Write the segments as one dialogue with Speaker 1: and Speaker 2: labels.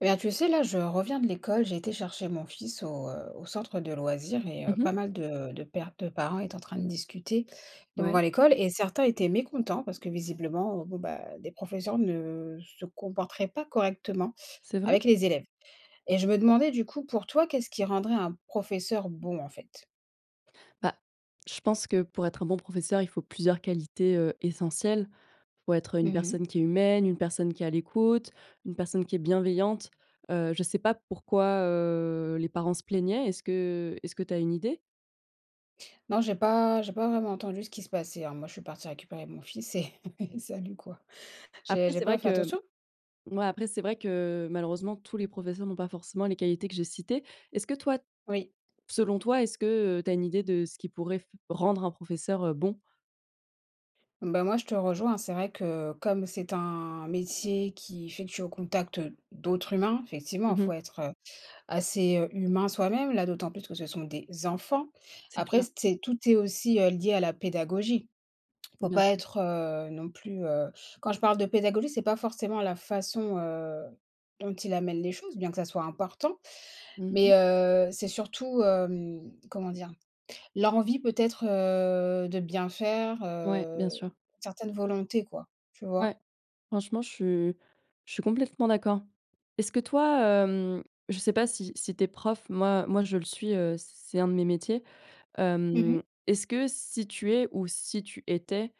Speaker 1: Bien, tu sais, là je reviens de l'école, j'ai été chercher mon fils au, heu, au centre de loisirs et heu, pas mal de de pères, de parents étaient en train de discuter
Speaker 2: Ouais.
Speaker 1: devant l'école, et certains étaient mécontents parce que visiblement, bon, bah, des professeurs ne se comporteraient pas correctement
Speaker 2: C'est vrai?
Speaker 1: avec les élèves, et je me demandais du coup, pour toi, qu'est-ce qui rendrait un professeur bon, en fait?
Speaker 2: Bah, je pense que pour être un bon professeur il faut plusieurs qualités, heu, essentielles: faut être
Speaker 1: Mmh
Speaker 2: une
Speaker 1: mh.
Speaker 2: personne qui est humaine, une personne qui est à l'écoute, une personne qui est bienveillante. Heu, je sais pas pourquoi heu les parents se plaignaient. Est-ce que est-ce que tu as une idée?
Speaker 1: Non, j'ai pas j'ai pas vraiment entendu ce qui se passait, hein. Moi, je suis partie récupérer mon fils et salut, quoi. J'ai
Speaker 2: Après
Speaker 1: j'ai
Speaker 2: c'est vrai
Speaker 1: pas fait
Speaker 2: que, mmh,
Speaker 1: attention.
Speaker 2: moi après c'est vrai que, malheureusement tous les professeurs n'ont pas forcément les qualités que j'ai citées. Est-ce que toi
Speaker 1: Oui.
Speaker 2: selon toi, est-ce que, heu, tu as une idée de ce qui pourrait f rendre un professeur, heu, bon?
Speaker 1: Bah moi je te rejoins, c'est vrai que comme c'est un métier qui est effectué au contact d'autres humains, effectivement, il
Speaker 2: Mmh mh.
Speaker 1: faut être, heu, assez, heu, humain soi-même. Là d'autant plus que ce sont des enfants,
Speaker 2: C'est
Speaker 1: après
Speaker 2: clair.
Speaker 1: c'est tout est aussi, heu, lié à la pédagogie. Il faut
Speaker 2: Bien
Speaker 1: pas
Speaker 2: sûr.
Speaker 1: être, heu, non plus, heu quand je parle de pédagogie, c'est pas forcément la façon, heu, dont il amène les choses, bien que ça soit important,
Speaker 2: Mmh
Speaker 1: mais,
Speaker 2: mh.
Speaker 1: heu, c'est surtout, hem, comment dire, l'envie peut-être heu de bien faire,
Speaker 2: Ouais. Bien
Speaker 1: heu,
Speaker 2: sûr.
Speaker 1: certaines volontés, quoi, tu vois?
Speaker 2: Ouais. Franchement je suis je suis complètement d'accord. Est-ce que toi, hem, je sais pas si si tu es prof? Moi moi je le suis, heu, c'est c'est un de mes métiers.
Speaker 1: Mmh mh.
Speaker 2: Hem, est-ce que si tu es, ou si tu étais,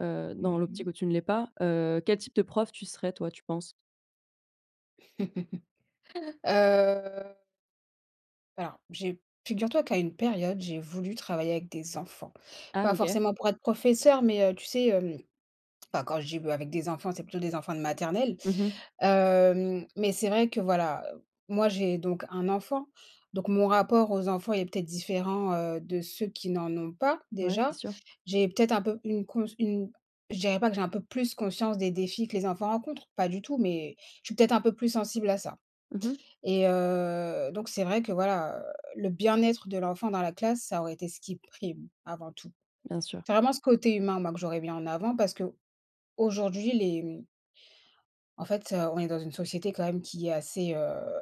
Speaker 2: heu,
Speaker 1: Mmh
Speaker 2: dans
Speaker 1: mh.
Speaker 2: l'optique où tu ne l'es pas, heu, quel type de prof tu serais, toi, tu penses?
Speaker 1: Heu alors j'ai figure toi qu'à une période, j'ai voulu travailler avec des enfants.
Speaker 2: Ah!
Speaker 1: Pas
Speaker 2: OK.
Speaker 1: forcément pour être professeur, mais, heu, tu sais, hem enfin, quand je dis b avec des enfants, c'est plutôt des enfants de maternelle.
Speaker 2: Mmh mh.
Speaker 1: Hem, mais c'est vrai que voilà, moi j'ai donc 1 enfant, donc mon rapport aux enfants est peut-être différent, heu, de ceux qui n'en ont pas,
Speaker 2: Ouais, c'est
Speaker 1: déjà.
Speaker 2: sûr.
Speaker 1: J'ai peut-être un peu une cons une je dirais pas que j'ai un peu plus conscience des défis que les enfants rencontrent, pas du tout, mais je suis peut-être un peu plus sensible à ça,
Speaker 2: Mmh mh.
Speaker 1: et heu donc c'est vrai que voilà, heu, le bien-être de l'enfant dans la classe, ça aurait été ce qui prime avant tout.
Speaker 2: Bien sûr.
Speaker 1: C'est vraiment ce côté humain, moi, que j'aurais mis en avant, parce que aujourd'hui les, mmh En fait, heu, on est dans une société quand même qui est assez, heu,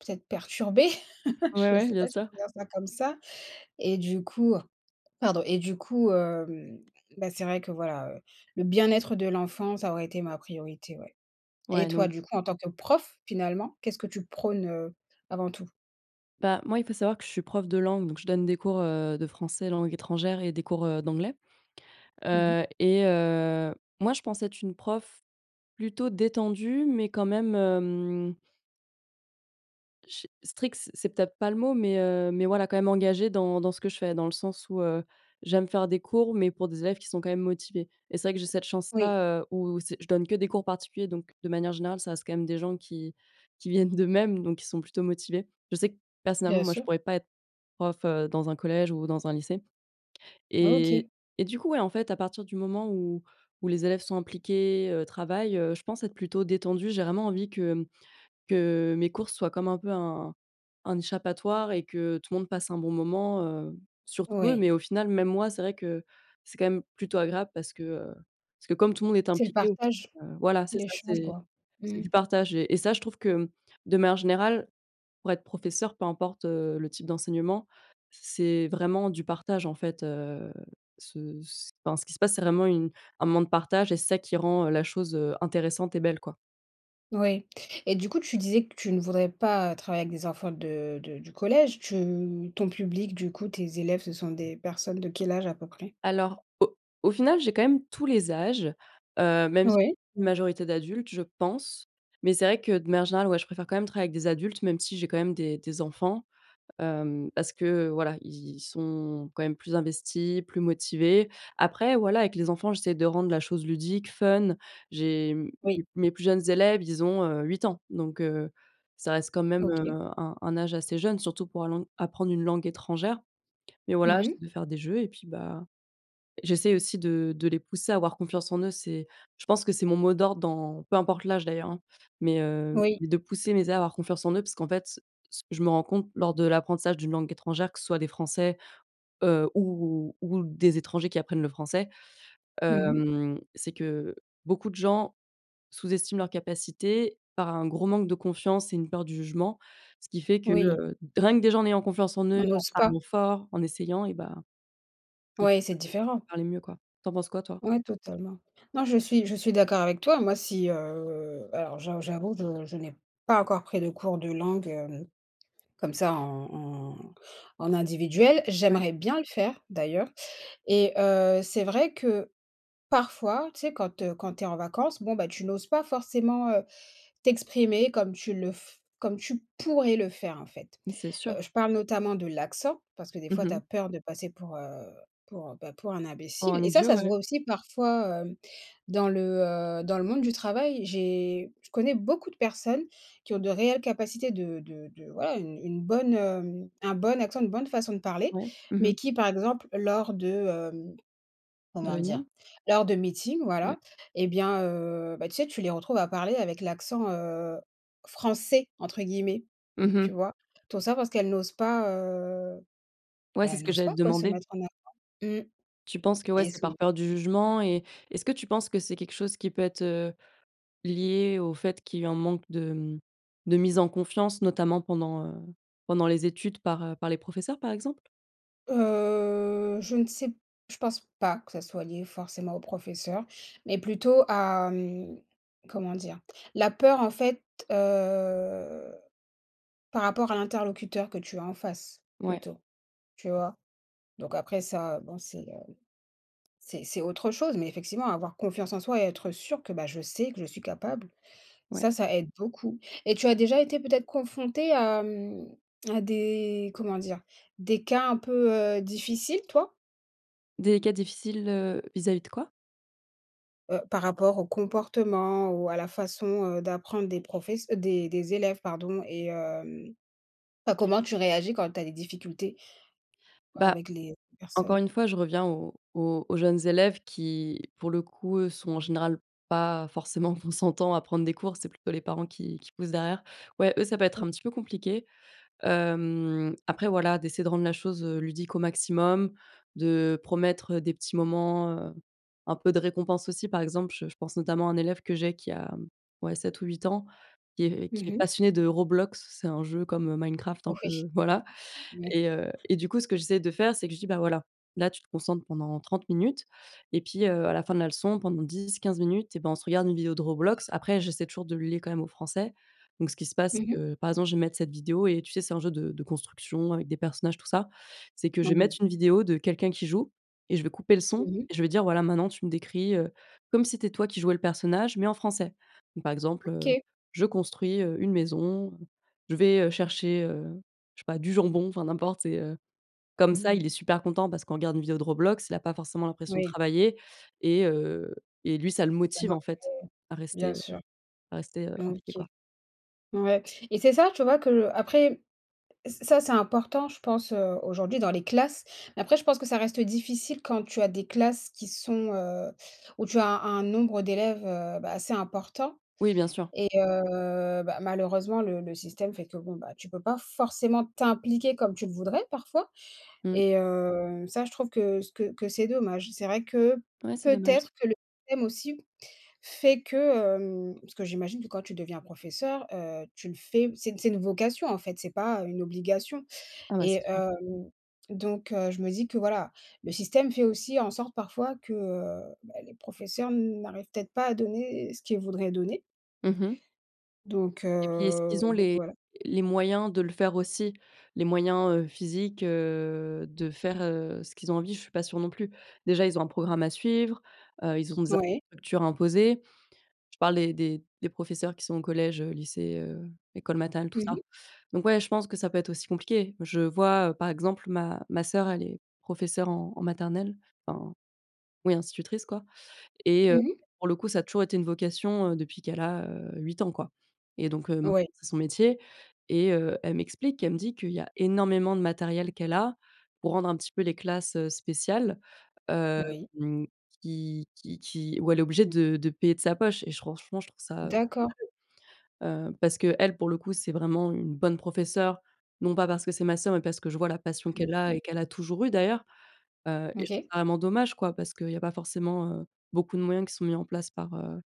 Speaker 1: peut-être perturbée
Speaker 2: Ouais,
Speaker 1: je
Speaker 2: ouais,
Speaker 1: sais
Speaker 2: bien
Speaker 1: pas si on
Speaker 2: sûr.
Speaker 1: peut dire ça comme ça, et du coup pardon et du coup, hem, bah, c'est vrai que voilà, heu, le bien-être de l'enfant, ça aurait été ma priorité, ouais. Et
Speaker 2: Ouais,
Speaker 1: toi
Speaker 2: non.
Speaker 1: du coup, en tant que prof, finalement, qu'est-ce que tu prône, heu, avant tout?
Speaker 2: Bah, moi il faut savoir que je suis prof de langue, donc je donne des cours, heu, de français langue étrangère et des cours, heu, d'anglais.
Speaker 1: Mmh
Speaker 2: Heu,
Speaker 1: mmh.
Speaker 2: et heu, moi je pense être une prof plutôt détendue mais quand même, hem ch strict c'est c'est peut-être pas le mot, mais, heu, mais voilà, quand même engagée dans dans ce que je fais, dans le sens où, heu, j'aime faire des cours, mais pour des élèves qui sont quand même motivés, et c'est vrai que j'ai cette
Speaker 1: Oui.
Speaker 2: chance-là, heu, où, c'est je donne que des cours particuliers, donc de manière générale ça reste quand même des gens qui qui viennent d'eux-mêmes, donc qui sont plutôt motivés. Je sais que personnellement
Speaker 1: Bien
Speaker 2: moi je
Speaker 1: sûr.
Speaker 2: pourrais pas être prof, heu, dans un collège ou dans un lycée, et
Speaker 1: OK.
Speaker 2: et du coup, ouais, en fait à partir du moment où où les élèves sont impliqués, heu, travaillent, heu, je pense être plutôt détendue. J'ai vraiment envie que, mmh, que mes cours soient comme un peu un un échappatoire, et que tout le monde passe un bon moment, heu, surtout eux,
Speaker 1: Oui.
Speaker 2: mais au final même moi. C'est vrai que c'est quand même plutôt agréable, parce que, heu, parce que comme tout le monde est
Speaker 1: C'est le
Speaker 2: impliqué,
Speaker 1: partage.
Speaker 2: [unintelligible] voilà, c'est ça,
Speaker 1: L'échange,
Speaker 2: c'est
Speaker 1: quoi.
Speaker 2: c'est
Speaker 1: Mmh mh.
Speaker 2: du partage, et ça je trouve que, mmh, de manière générale pour être professeur, peu importe, heu, le type d'enseignement, c'est vraiment du partage, en fait. Heu, ce ce, enfin ce qui se passe c'est vraiment une un moment de partage, et c'est ça qui rend, heu, la chose, heu, intéressante et belle, quoi.
Speaker 1: Oui, et du coup, tu disais que tu ne voudrais pas, travailler avec des enfants de de du collège. Tu ton public, du coup, tes élèves, ce sont des personnes de quel âge à peu près?
Speaker 2: Alors, au au final, j'ai quand même tous les âges, heu, même, j'i
Speaker 1: Ouais.
Speaker 2: une majorité d'adultes, je pense, mais c'est vrai que, de manière générale, ouais, je préfère quand même travailler avec des adultes, même si j'ai quand même des des enfants, hem, parce que, heu, voilà, ils ils sont, quand même, plus investis, plus motivés. Après, voilà, avec les enfants, j'essaie de rendre la chose ludique, fun. J'ai, mmh,
Speaker 1: Oui.
Speaker 2: m mes plus jeunes élèves, ils ont, heu, 8 ans donc heu, ça reste quand même, heu,
Speaker 1: OK.
Speaker 2: un un âge assez jeune, surtout pour l'ang apprendre une langue étrangère, mais voilà,
Speaker 1: Mmh
Speaker 2: j'essaie
Speaker 1: mh.
Speaker 2: de faire des jeux et puis, bah, j'essaie aussi de de les pousser à avoir confiance en eux. C'est je pense que c'est mon mot d'ordre dans peu importe l'âge, d'ailleurs, hein, mais heu,
Speaker 1: Oui.
Speaker 2: mais de pousser mes erreurs à avoir confiance en eux parce qu'en fait, ce que je me rends compte lors de l'apprentissage d'une langue étrangère que ce soit des français, heu, ou ou des étrangers qui apprennent le français,
Speaker 1: Mmh mh.
Speaker 2: hem, c'est que beaucoup de gens sous-estiment leurs capacités par un gros manque de confiance et une peur du jugement, ce qui fait que,
Speaker 1: Oui.
Speaker 2: heu, d rien que des gens ayant confiance en eux,
Speaker 1: On
Speaker 2: en
Speaker 1: n'ose pas.
Speaker 2: parlant fort, en essayant, et bah, ils
Speaker 1: Ouais, c'est
Speaker 2: [unintelligible]
Speaker 1: différent.
Speaker 2: parler mieux, quoi. Tu en penses quoi, toi?
Speaker 1: Ouais, totalement. Non, je suis je suis d'accord avec toi. Moi, si, heu, alors j'a j'avoue, je je n'ai pas encore pris de cours de langue, hem, comme ça en en en individuel,
Speaker 2: Ouais.
Speaker 1: j'aimerais bien le faire, d'ailleurs, et heu, c'est vrai que parfois, tu sais, quand, heu, quand tu es en vacances, bon, bah, tu n'oses pas forcément, heu, t'exprimer comme tu le f comme tu pourrais le faire, en fait.
Speaker 2: Mais c'est
Speaker 1: Heu,
Speaker 2: sûr.
Speaker 1: je parle notamment de l'accent, parce que, des
Speaker 2: Mmh
Speaker 1: fois, tu
Speaker 2: mh.
Speaker 1: as peur de passer pour, heu, pour, heu, bah, pour un
Speaker 2: Pour
Speaker 1: imbécile
Speaker 2: un
Speaker 1: et ça
Speaker 2: idiot,
Speaker 1: ça se
Speaker 2: ouais.
Speaker 1: voit aussi, parfois, hem, dans le, heu, dans le monde du travail. J'ai je connais beaucoup de personnes qui ont de réelles capacités de de de voilà, une une bonne, hem, un bon accent, une bonne façon de parler,
Speaker 2: Ouais. Mmh
Speaker 1: mais
Speaker 2: mh.
Speaker 1: qui, par exemple, lors de, hem,
Speaker 2: De
Speaker 1: comment dire?
Speaker 2: réunions?
Speaker 1: Lors de meetings,
Speaker 2: Ouais.
Speaker 1: voilà, et bien, heu, bah, tu sais, tu les retrouves à parler avec l'accent, heu, «français,» entre guillemets.
Speaker 2: Mmh
Speaker 1: Tu
Speaker 2: mh.
Speaker 1: vois? Tout ça parce qu'elles n'osent pas, heu,
Speaker 2: Ouais,
Speaker 1: bah,
Speaker 2: c'est
Speaker 1: elles
Speaker 2: ce que
Speaker 1: n'osent
Speaker 2: j'allais
Speaker 1: pas,
Speaker 2: te
Speaker 1: quoi, se
Speaker 2: demander.
Speaker 1: mettre en avant. Mmh,
Speaker 2: Tu penses que ouais,
Speaker 1: et
Speaker 2: c'est
Speaker 1: sou
Speaker 2: par peur du jugement, et est-ce que tu penses que c'est quelque chose qui peut être, heu, lié au fait qu'il y a un manque de, mmh, de mise en confiance, notamment pendant, heu, pendant les études, par, heu, par les professeurs, par exemple?
Speaker 1: Heu, je ne sais p je pense pas que ça soit lié forcément aux professeurs, mais plutôt à, hem, comment dire? La peur en fait, heu, par rapport à l'interlocuteur que tu as en face
Speaker 2: Ouais.
Speaker 1: plutôt, tu vois? Donc après ça, heu, bon c'est le c'est c'est autre chose, mais effectivement, avoir confiance en soi et être sûr que, bah, je sais que je suis capable,
Speaker 2: Ouais.
Speaker 1: ça, ça aide beaucoup et tu as déjà été peut-être confrontée à, hem, à des comment dire? Des cas un peu, heu, difficiles toi?
Speaker 2: Des cas difficiles, heu, vis-à-vis de quoi?
Speaker 1: Heu, par rapport au comportement ou à la façon, heu, d'apprendre des profess des des élèves, pardon et hem, bah, comment tu réagis quand tu as des difficultés
Speaker 2: Bah,
Speaker 1: avec les
Speaker 2: encore
Speaker 1: personnes?
Speaker 2: une fois je reviens aux aux aux jeunes élèves qui, pour le coup, eux, sont en général pas forcément consentants à prendre des cours. C'est plutôt les parents qui qui poussent derrière. Ouais, eux, ça peut être
Speaker 1: Mmh.
Speaker 2: un petit peu compliqué. Hem, après voilà, d'essayer de rendre la chose, heu, ludique au maximum, de promettre, heu, des petits moments, heu, un peu de récompense aussi, par exemple, je je pense notamment à un élève que j'ai qui a, hem, ouais 7 ou 8 ans, qui est
Speaker 1: Mmh
Speaker 2: qui est
Speaker 1: mh.
Speaker 2: passionné de Roblox, c'est un jeu comme, heu, Minecraft un
Speaker 1: Oui.
Speaker 2: peu, voilà
Speaker 1: Ouais.
Speaker 2: et heu et du coup ce que j'essaie de faire, c'est que je dis: «Bah voilà, là tu te concentres pendant 30 minutes et puis, heu, à la fin de la leçon pendant 10-15 minutes et ben on se regarde une vidéo de Roblox». Après, j'essaie toujours de le lier, quand même, au français. Donc ce qui se passe,
Speaker 1: Mmh
Speaker 2: c'est
Speaker 1: mh.
Speaker 2: que, par exemple, je vais mettre cette vidéo et tu sais, c'est un jeu de de construction avec des personnages tout ça c'est que je vais
Speaker 1: Mmh.
Speaker 2: mettre une vidéo de quelqu'un qui joue et je vais couper le son
Speaker 1: Mmh mh.
Speaker 2: et je vais dire: «Voilà, maintenant tu me décris, heu, comme si c'était toi qui jouais le personnage mais en français». Donc, par exemple, heu:
Speaker 1: OK.
Speaker 2: «Je construis, heu, une maison, je vais, heu, chercher, heu, je sais pas du jambon», enfin n'importe c'est, heu comme ça
Speaker 1: Mmh.
Speaker 2: il est super content, parce qu'on regarde une vidéo Roblox, il a pas forcément l'impression de
Speaker 1: Oui.
Speaker 2: travailler et heu, et lui ça le
Speaker 1: Il y a un
Speaker 2: motive en
Speaker 1: intérêt.
Speaker 2: fait à rester,
Speaker 1: Bien
Speaker 2: heu,
Speaker 1: sûr.
Speaker 2: à rester, heu,
Speaker 1: Mmh.
Speaker 2: impliqué
Speaker 1: OK.
Speaker 2: quoi.
Speaker 1: Ouais et c'est ça, tu vois, que le après, ç ça c'est important je pense, heu, aujourd'hui dans les classes, mais après je pense que ça reste difficile quand tu as des classes qui sont, heu, où tu as un un nombre d'élèves, heu, bah, assez important
Speaker 2: Oui, bien sûr.
Speaker 1: et heu, bah, malheureusement le le système fait que bon, bah, tu peux pas forcément t'impliquer comme tu le voudrais parfois
Speaker 2: Mmh.
Speaker 1: et heu, ça je trouve que c que que c'est dommage. C'est vrai que,
Speaker 2: Ouais, c'est dommage.
Speaker 1: peut-être, que le système aussi fait que, hem parce que j'imagine que quand tu deviens professeur, heu, tu le fais, c'est une c'est une vocation en fait, c'est pas une obligation
Speaker 2: Ah bah, c'est
Speaker 1: et
Speaker 2: sûr.
Speaker 1: hem, donc heu, je me dis que, voilà, le système fait aussi en sorte parfois que, heu, bah, les professeurs n'arrivent peut-être pas à donner ce qu'ils voudraient donner.
Speaker 2: Mmh mh.
Speaker 1: Donc
Speaker 2: Et puis, est-ce
Speaker 1: heu,
Speaker 2: qu'ils ont
Speaker 1: donc,
Speaker 2: les
Speaker 1: voilà.
Speaker 2: les moyens de le faire aussi? Les moyens, heu, physiques, heu, de faire, heu, ce qu'ils ont envie? Je suis pas sûre non plus. Déjà ils ont un programme à suivre, heu, ils ont des
Speaker 1: Ouais.
Speaker 2: infrastructures imposées, je parle des des professeurs qui sont au collège, heu, lycée, heu, école maternelle, tout
Speaker 1: Mmh
Speaker 2: ça.
Speaker 1: mh.
Speaker 2: Donc, ouais, je pense que ça peut être aussi compliqué. Je vois, heu, par exemple, ma ma sœur elle est professeure en en maternelle. Enfin, oui institutrice quoi et
Speaker 1: Mmh
Speaker 2: heu,
Speaker 1: mh.
Speaker 2: pour le coup ça a toujours été une vocation, heu, depuis qu'elle a, heu, 8 ans quoi et donc, heu, maintenant
Speaker 1: Ouais.
Speaker 2: c'est son métier et heu, elle m'explique, elle me dit qu'il y a énormément de matériel qu'elle a, pour rendre un petit peu les classes, heu, spéciales, hem,
Speaker 1: Oui.
Speaker 2: qui qui qui où elle est obligée de de payer de sa poche et j franchement, je trouve ça heu,
Speaker 1: D'accord.
Speaker 2: [unintelligible] heu, parce qu'elle, pour le coup, c'est vraiment une bonne professeure, non pas parce que c'est ma sœur, mais parce que je vois la passion qu'elle a
Speaker 1: [unintelligible]
Speaker 2: et qu'elle a toujours eu d'ailleurs, heu et je trouve
Speaker 1: OK.
Speaker 2: ça vraiment dommage quoi, parce qu'il y a pas forcément, heu, beaucoup de moyens qui sont mis en place par, heu,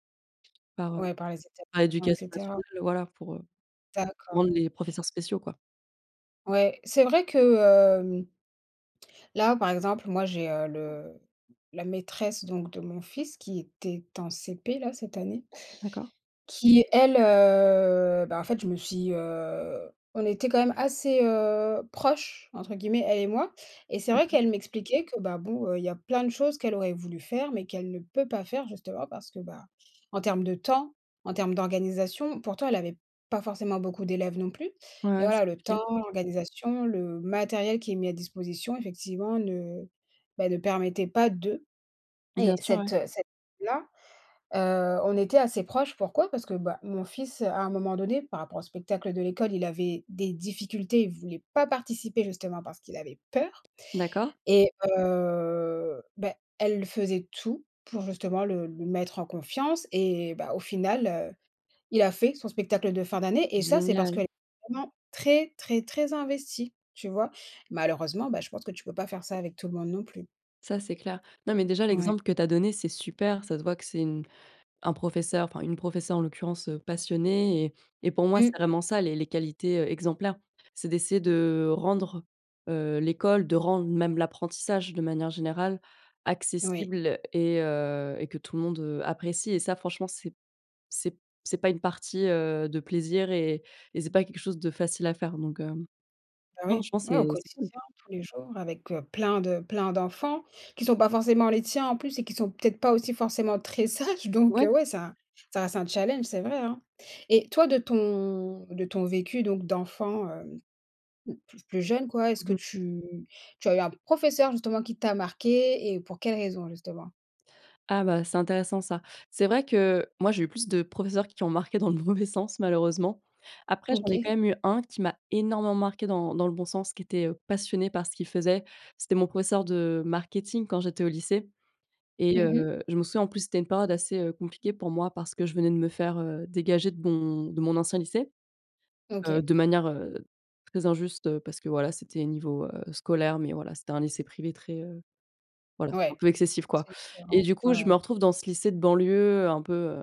Speaker 2: par, heu,
Speaker 1: Ouais, par les
Speaker 2: par
Speaker 1: établissement et
Speaker 2: l'Éducation
Speaker 1: cetera.
Speaker 2: Nationale voilà, pour, heu,
Speaker 1: D'accord.
Speaker 2: rendre les professeurs spéciaux, quoi.
Speaker 1: Ouais, c'est vrai que, hem là, par exemple, moi, j'ai, heu, le la maîtresse, donc, de mon fils qui était en CP, là, cette année.
Speaker 2: D'accord.
Speaker 1: Qui elle, heu, bah, en fait, je me suis, heu, on était quand même assez, heu, «proches» entre guillemets, elle et moi et c'est vrai
Speaker 2: OK.
Speaker 1: qu'elle m'expliquait que bah, bon, heu, il y a plein de choses qu'elle aurait voulu faire mais qu'elle ne peut pas faire, justement, parce que, ben, en termes de temps, en termes d'organisation pourtant, elle avait pas forcément beaucoup d'élèves, non plus.
Speaker 2: Ouais,
Speaker 1: Mais
Speaker 2: ouais, c'est
Speaker 1: voilà, le
Speaker 2: compliqué.
Speaker 1: temps, l'organisation, le matériel qui est mis à disposition, effectivement ne, bah ne permettait pas de
Speaker 2: Bien
Speaker 1: et
Speaker 2: sûr,
Speaker 1: cette,
Speaker 2: ouais.
Speaker 1: heu, cette là, heu, on était assez proches. Pourquoi? Parce que, bah mon fils, heu, à un moment donné, par rapport au spectacle de l'école, il avait des difficultés, il voulait pas participer justement parce qu'il avait peur
Speaker 2: D'accord.
Speaker 1: et heu, bah elle faisait tout pour, justement, le le mettre en confiance et bah au final, heu, il a fait son spectacle de fin d'année et ça c'est parce qu'elle
Speaker 2: Génial!
Speaker 1: est vraiment très, très, très investie, tu vois? Malheureusement, bah, je pense que tu peux pas faire ça avec tout le monde non plus.
Speaker 2: Ça, c'est clair. Non mais, déjà,
Speaker 1: Ouais.
Speaker 2: l'exemple que tu as donné, c'est super. Ça se voit que c'est une un professeur, enfin, une professeure, en l'occurrence, heu, passionnée et et pour moi,
Speaker 1: Mmh.
Speaker 2: c'est vraiment ça les les qualités, heu, exemplaires. C'est d'essayer de rendre, heu, l'école, de rendre même l'apprentissage, de manière générale,
Speaker 1: Oui.
Speaker 2: accessible et heu, et que tout le monde, heu, apprécie et ça, franchement, c'est p c'est p c'est pas une partie, heu, de plaisir et et c'est pas quelque chose de facile à faire donc, hem,
Speaker 1: Bah,
Speaker 2: non, je
Speaker 1: oui.
Speaker 2: pense
Speaker 1: Ouais, au
Speaker 2: c'est c'est cool.
Speaker 1: quotidien, tous les jours avec, heu, plein de plein d'enfants, qui sont pas forcément les tiens, en plus et qui sont peut-être pas aussi forcément très sages, donc
Speaker 2: Ouais.
Speaker 1: heu, ouais, ça ça reste un challenge, c'est vrai, hein et toi de ton de ton vécu donc d'enfant, hem, mmh p plus jeune, quoi, est-ce
Speaker 2: Mmh
Speaker 1: que
Speaker 2: mh.
Speaker 1: tu tu as eu un professeur, justement, qui t'a marquée et pour quelle raison justement?
Speaker 2: Ah bah, c'est intéressant ça. C'est vrai que, moi, j'ai eu plus de professeurs qui ont marqué dans le mauvais sens, malheureusement, après, j'en ai
Speaker 1: OK.
Speaker 2: quand même eu 1 qui m'a énormément marqué dans dans le bon sens, qui était, heu, passionné par ce qu'il faisait. C'était mon professeur de marketing quand j'étais au lycée et
Speaker 1: Mmh mh.
Speaker 2: heu, je me souviens, en plus, c'était une période assez, heu, compliquée pour moi, parce que je venais de me faire, heu, dégager de mon de mon ancien lycée, heu,
Speaker 1: OK.
Speaker 2: de manière, heu, très injuste, heu, parce que voilà c'était niveau, heu, scolaire, mais voilà, c'était un lycée privé très, heu, voilà, un
Speaker 1: Ouais,
Speaker 2: peu excessif, quoi
Speaker 1: c'est
Speaker 2: et
Speaker 1: différent,
Speaker 2: du
Speaker 1: ouais,
Speaker 2: coup, je me
Speaker 1: ouais.
Speaker 2: retrouve dans ce lycée de banlieue, un peu, heu,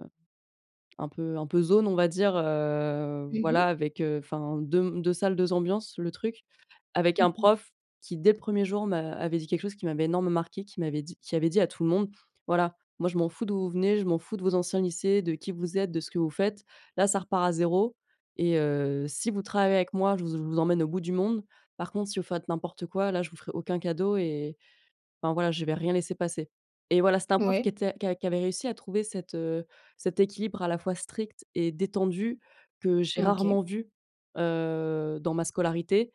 Speaker 2: un peu un peu zone, on va dire, heu,
Speaker 1: Mmh mh.
Speaker 2: voilà avec, heu, enfin 2 m 2 salles, 2 ambiances le truc. Avec un prof qui dès le 1er jour m'a avait dit quelque chose qui m'avait énormément marqué, qui m'avait dit qui avait dit à tout le monde: «Voilà, moi, je m'en fous d'où vous venez, je m'en fous de vos anciens lycées, de qui vous êtes, de ce que vous faites, là, ça repart à 0 et heu, si vous travaillez avec moi, je vous z je vous emmène au bout du monde, par contre, si vous faites n'importe quoi, là, je vous ferai aucun cadeau et enfin, voilà, je vais rien laisser passer» et voilà, c'était un prof
Speaker 1: Mouais.
Speaker 2: qui était qui a qui avait réussi à trouver cet, heu, cet équilibre à la fois strict et détendu que j'ai
Speaker 1: OK.
Speaker 2: rarement vu, heu, dans ma scolarité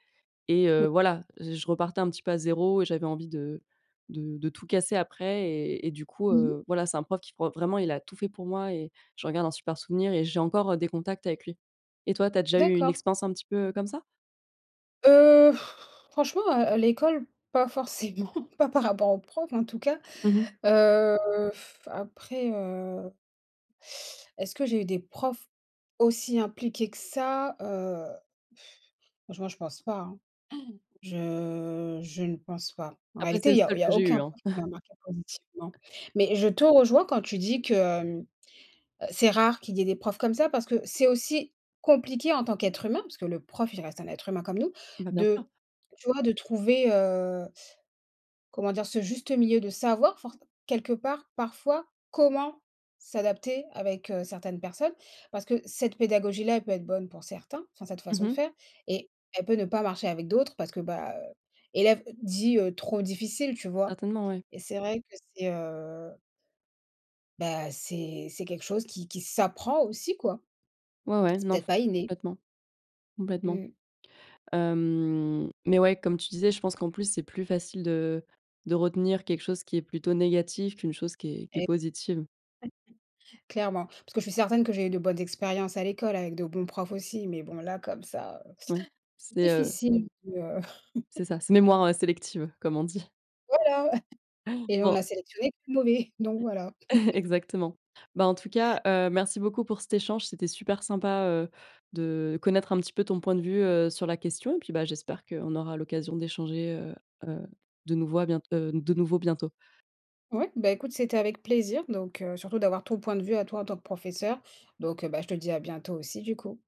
Speaker 2: et
Speaker 1: Oui.
Speaker 2: heu, voilà, j je repartais un petit peu à 0 et j'avais envie de de de tout casser après et et du coup,
Speaker 1: Mmh mh.
Speaker 2: heu, voilà, c'est un prof qui pour vraiment, il a tout fait pour moi et j'en garde un super souvenir et j'ai encore, heu, des contacts avec lui et toi, tu as déjà eu une
Speaker 1: D'accord.
Speaker 2: expérience un petit peu, heu, comme ça?
Speaker 1: Heu, franchement, heu, à l'école, pas forcément pas par rapport aux profs, en tout cas.
Speaker 2: Mmh mh.
Speaker 1: Heu, après, heu est-ce que j'ai eu des profs, aussi impliqués que ça? Heu franchement, je pense pas, hein. Je je ne pense pas, en
Speaker 2: Après
Speaker 1: réalité
Speaker 2: c'est le
Speaker 1: il y a
Speaker 2: seul
Speaker 1: il y
Speaker 2: que
Speaker 1: a
Speaker 2: j'ai
Speaker 1: aucun
Speaker 2: eu, hein?
Speaker 1: prof qui va marquer positivement, mais je te rejoins quand tu dis que: «C'est rare qu'il y ait des profs comme ça», parce que c'est aussi, compliqué en tant qu'être humain, parce que le prof il reste un être humain comme nous,
Speaker 2: Bah, bien
Speaker 1: de
Speaker 2: sûr.
Speaker 1: tu vois? de trouver, heu comment dire? Ce juste milieu de savoir forc quelque part parfois, comment s'adapter avec, heu, certaines personnes. Parce que cette pédagogie-là, elle peut être bonne pour certains, enfin, cette
Speaker 2: Mmh
Speaker 1: façon de
Speaker 2: mh.
Speaker 1: faire et elle peut, ne pas marcher avec d'autres, parce que, bah, heu, élève dit, heu: «Trop difficile.» Tu vois?
Speaker 2: Certainement, ouais.
Speaker 1: Et c'est vrai que c'est, heu bah, c'est c'est quelque chose qui qui s'apprend aussi quoi.
Speaker 2: Ouais, ouais
Speaker 1: C'est
Speaker 2: non,
Speaker 1: peut-être
Speaker 2: f
Speaker 1: pas inné.
Speaker 2: complètement, complètement.
Speaker 1: Mmh.
Speaker 2: Hem, mais ouais, comme tu disais, je pense qu'en plus c'est plus facile de de retenir quelque chose qui est plutôt négatif qu'une chose qui est qui est
Speaker 1: Et
Speaker 2: positive.
Speaker 1: clairement, parce que je suis certaine que j'ai eu de bonnes expériences à l'école avec de bons profs aussi, mais bon là comme ça, heu,
Speaker 2: Oui, c'est, heu
Speaker 1: difficile de
Speaker 2: c'est ça. «C'est mémoire sélective,» comme on dit.
Speaker 1: Voilà! Et on
Speaker 2: Bon.
Speaker 1: a sélectionné le plus mauvais, donc voilà.
Speaker 2: Exactement. Bah, en tout cas, heu, merci beaucoup pour cet échange, c'était super sympa, heu, de connaître un petit peu ton point de vue, heu, sur la question et puis, bah, j'espère qu'on aura l'occasion d'échanger, heu heu, de nouveau à bient heu, de nouveau bientôt.
Speaker 1: Ouais, bah écoute c'était avec plaisir donc heu, surtout d'avoir ton point de vue à toi en tant que professeure, donc bah, je te dis, à bientôt aussi du coup.